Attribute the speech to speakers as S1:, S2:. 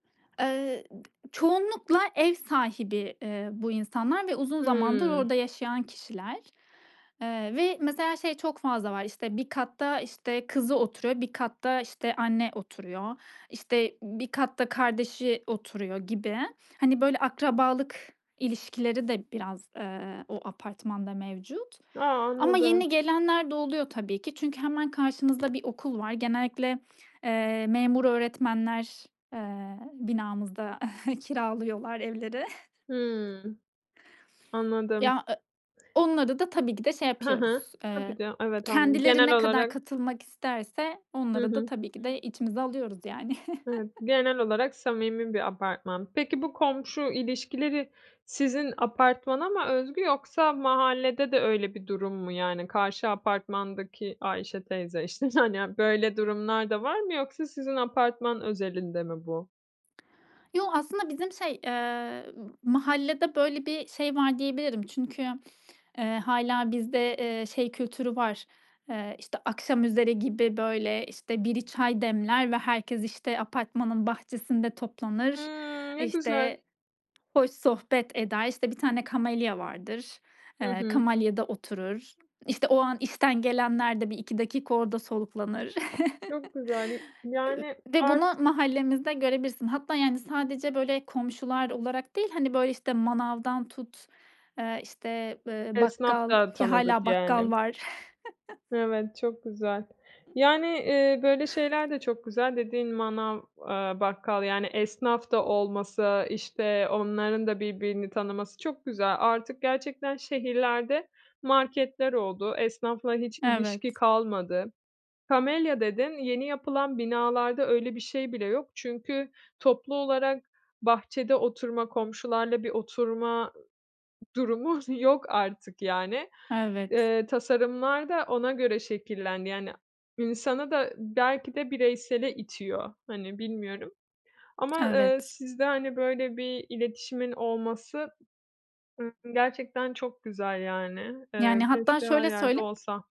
S1: Eee, d çoğunlukla ev sahibi, eee, bu insanlar ve uzun zamandır
S2: Hıı.
S1: orada yaşayan kişiler, eee, ve mesela şey çok fazla var: İşte, bir katta, işte, kızı oturuyor, bir katta, işte, anne oturuyor, işte, bir katta kardeşi oturuyor gibi. Hani, böyle, akrabalık ilişkileri de biraz, eee, o apartmanda mevcut
S2: A!
S1: ama
S2: Anladım.
S1: yeni gelenler de oluyor tabii ki. Çünkü hemen karşımızda bir okul var. Genellikle, eee, memur öğretmenler, eee, binamızda kiralıyorlar evleri.
S2: Hıı. Anladım.
S1: Ya, eee Onları da tabii ki de şey
S2: Hı hı,
S1: yapıyoruz. Eee,
S2: tabii de Evet, anladım.
S1: kendileri
S2: Genel
S1: ne kadar
S2: olarak
S1: katılmak isterse
S2: Hı
S1: onları da
S2: hı.
S1: tabii ki de içimize alıyoruz yani.
S2: Evet, genel olarak samimi bir apartman. Peki, bu komşu ilişkileri sizin apartmana mı özgü yoksa mahallede de öyle bir durum mu? Yani karşı apartmandaki Ayşe teyze, işte, hani, böyle durumlar da var mı yoksa sizin apartman özelinde mi bu?
S1: Yo, aslında bizim şey, eee, mahallede böyle bir şey var diyebilirim. Çünkü, eee, hâlâ bizde, eee, şey kültürü var: Eee, işte, akşamüzeri gibi böyle işte, biri çay demler ve herkes, işte, apartmanın bahçesinde toplanır,
S2: Hıı. Ne güzel.
S1: işte, hoş sohbet eder. İşte, bir tane kamelya vardır,
S2: Hı
S1: eee,
S2: hı.
S1: kamelyada oturur. İşte, o an işten gelenler de 1-2 dakika orada soluklanır
S2: Çok güzel. Yı
S1: Eee,
S2: yani
S1: ve bunu
S2: artık.
S1: mahallemizde görebilirsin. Hatta yani, sadece, böyle, komşular olarak değil, hani böyle işte, manavdan tut, eee, işte, eee,
S2: Esnaf
S1: bakkal
S2: da
S1: ki
S2: tanıdık
S1: hâlâ
S2: yani.
S1: bakkal var.
S2: Evet, çok güzel. Yani, eee, böyle şeyler de çok güzel, dediğin manav, eee, bakkal, yani, esnaf da olması, işte, onların da birbirini tanıması çok güzel. Artık gerçekten şehirlerde, marketler oldu, esnafla hiç ilişki
S1: Evet.
S2: kalmadı. Kamelya dedin, yeni yapılan binalarda öyle bir şey bile yok, çünkü toplu olarak bahçede oturma, komşularla bir oturma durumu s yok artık yani.
S1: Evet.
S2: Eee, tasarımlar da ona göre şekillendi, yani insanı da belki de bireysele itiyor, hani, bilmiyorum ama, eee,
S1: Evet.
S2: sizde, hani, böyle bir iletişimin olması, eee, gerçekten çok güzel yani. Eee,
S1: Yani hatta
S2: keşke her
S1: şöyle
S2: yerde
S1: söyleyeyim.
S2: olsa.